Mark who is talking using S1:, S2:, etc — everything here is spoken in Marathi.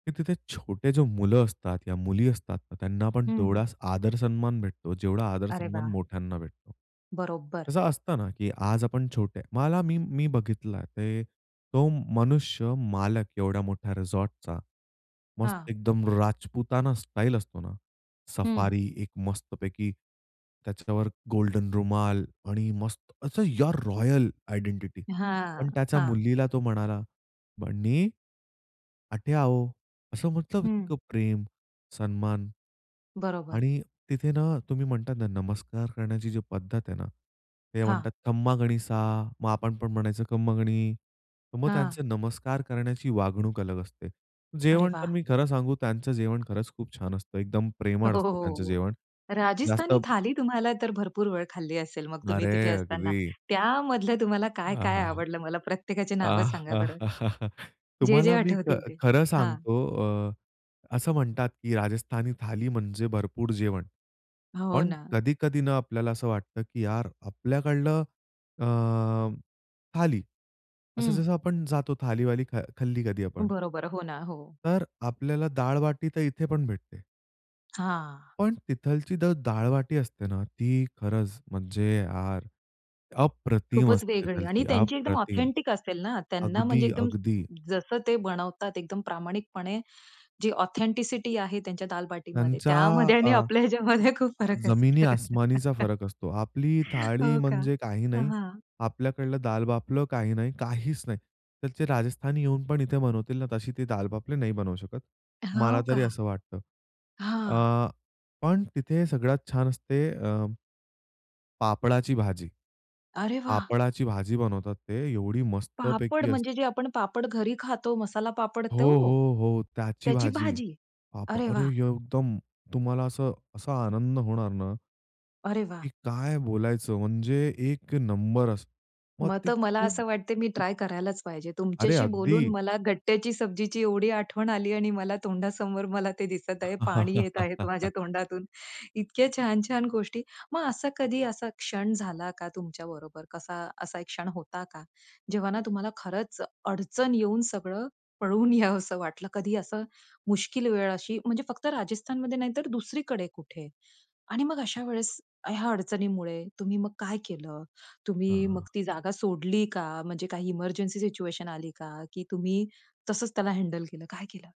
S1: की तिथे छोटे जे मुलं असतात, या मुली असतात त्यांना पण
S2: हं.
S1: तेवढाच आदर सन्मान भेटतो जेवढा आदर
S2: अरे
S1: सन्मान
S2: वाह!
S1: मोठ्यांना भेटतो.
S2: बरोबर.
S1: तसं असतं ना की आज आपण छोटे मला मी, मी बघितलं ते. तो मनुष्य मालक एवढ्या मोठ्या रिसॉर्टचा. मस्त
S2: हां.
S1: एकदम राजपुताना स्टाईल असतो ना.
S2: हं.
S1: सफारी एक मस्तपैकी, त्याच्यावर गोल्डन रुमाल आणि मस्त असं यार रॉयल आयडेंटिटी.
S2: हां,
S1: पण त्याच्या
S2: हां.
S1: मुलीला तो म्हणाला, "बन्नी, अठै आवो." असं म्हंटलं
S2: हं.
S1: इतकं प्रेम, सन्मान,
S2: बरोबर.
S1: आणि तिथे ना, तुम्ही म्हणतात नमस्कार करण्याची जी पद्धत आहे ना. ते म्हणतात
S2: हां.
S1: "खम्मा घणी सा" मग आपण पण म्हणायचं "खम्मा घणी" मग
S2: हां.
S1: त्यांचे नमस्कार करण्याची वागणूक अलग असते.
S2: अरे
S1: जेवण तर
S2: वाह!
S1: मी खरं सांगू त्यांचं जेवण खरंच खूप छान असतं. एकदम
S2: अ,
S1: प्रेमळ
S2: हो, हो.
S1: असतं त्यांचं
S2: हो.
S1: जेवण. जास्त
S2: राजस्थानी थाली तुम्हाला तर भरपूर वेळ खाल्ली असेल मग तुम्ही
S1: अरे
S2: तिथे असताना.
S1: अगदी.
S2: त्यामधलं तुम्हाला
S1: आ, हां
S2: काय-काय
S1: हां!
S2: आवडलं? मला प्रत्येकाची नावं
S1: आ,
S2: सांगा
S1: हां
S2: बरं?
S1: हां. हां हां!
S2: जे, जे
S1: तुम्हाला मी ख
S2: आठवतील ते.
S1: खरं
S2: हां.
S1: सांगतो अ, असं म्हणतात की राजस्थानी थाली म्हणजे भरपूर जेवण.
S2: हो.
S1: पण
S2: ना.
S1: कधी कधी ना आपल्याला असं वाटतं की यार आपल्याकडलं अ, थाली. असं
S2: हं.
S1: जसं आपण जातो थाली-वाली ख खाल्ली कधी आपण.
S2: बरोबर हो ना. हो.
S1: तर आपल्याला दाळबाटी तर इथे पण भेटते.
S2: हां.
S1: पण तिथलची द दाळबाटी असते ना, ती खरंच म्हणजे यार अप्रतिम
S2: खूपच
S1: असते
S2: वेगळी आणि
S1: तिथलची
S2: त्यांची एकदम
S1: अप्रतिम.
S2: ऑथेंटिक असेल ना? त्यांना म्हणजे
S1: अगदी,
S2: एकदम
S1: अगदी.
S2: जसं ते बनवतात एकदम प्रामाणिकपणे जी ऑथेंटिसिटी आहे त्यांच्या दाल बाटीमध्ये
S1: त्यांचा
S2: त्यामध्ये
S1: अ,
S2: आणि आपल्या ह्याच्यामध्ये खूप फरक
S1: जमिनी
S2: असेल.
S1: आसमानीचा फरक असतो. आपली थाळी
S2: हो का?
S1: म्हणजे काही नाही.
S2: हां.
S1: आपल्याकडलं दाल बाफलं काही नाही, काहीच नाही. तिथलचे राजस्थानी येऊन पण इथे बनवतील ना, तशी ती दाल बाफलं नाही बनवू शकत. मला
S2: हो का?
S1: तरी असं वाटतं.
S2: हां.
S1: अ, पण तिथे सगळ्यात छान असते अ, पापडाची भाजी.
S2: अरे वाह!
S1: पापडाची भाजी बनवतात ते एवढी
S2: पापड
S1: मस्तपैकी
S2: म्हणजे
S1: असते.
S2: जे आपण पापड घरी खातो, मसाला पापड
S1: हो,
S2: तो?
S1: हो. हो. त्याची
S2: त्याची
S1: भाजी.
S2: भाजी.
S1: पाप
S2: अरे
S1: अरे
S2: वाह!
S1: एकदम तुम्हाला असं, असा आनंद होणार ना.
S2: अरे वाह!
S1: की काय बोलायचं म्हणजे एक नंबर अस मग
S2: मग
S1: ती
S2: तर मला
S1: खूप
S2: असं वाटतंय मी ट्राय करायलाच पाहिजे.
S1: अरे
S2: तुमच्याशी बोलून
S1: अगदी.
S2: मला गट्ट्याची सब्जीची एवढी आठवण आली आणि मला तोंडासमोर मला ते दिसत आहे. पाणी येत आहे माझ्या तोंडातून. इतक्या छान-छान गोष्टी मग असा कधी असा क्षण झाला का, तुमच्या बरोबर कसा असा एक क्षण होता का? जेव्हा ना तुम्हाला खरंच अडचण येऊन सगळं पळून यावसं वाटलं. कधी असं मुश्कील वेळ अशी म्हणजे फक्त राजस्थानमध्ये नाही तर दुसरीकडे कुठे? आणि मग अशा वेळेस ह्या अडचणीमुळे तुम्ही मग काय केलं? तुम्ही मग
S1: हां.
S2: ती जागा सोडली का? म्हणजे काही एमर्जन्सी सिच्युएशन आली का? की तुम्ही तसंच त्याला हँडल केलं? काय केलं?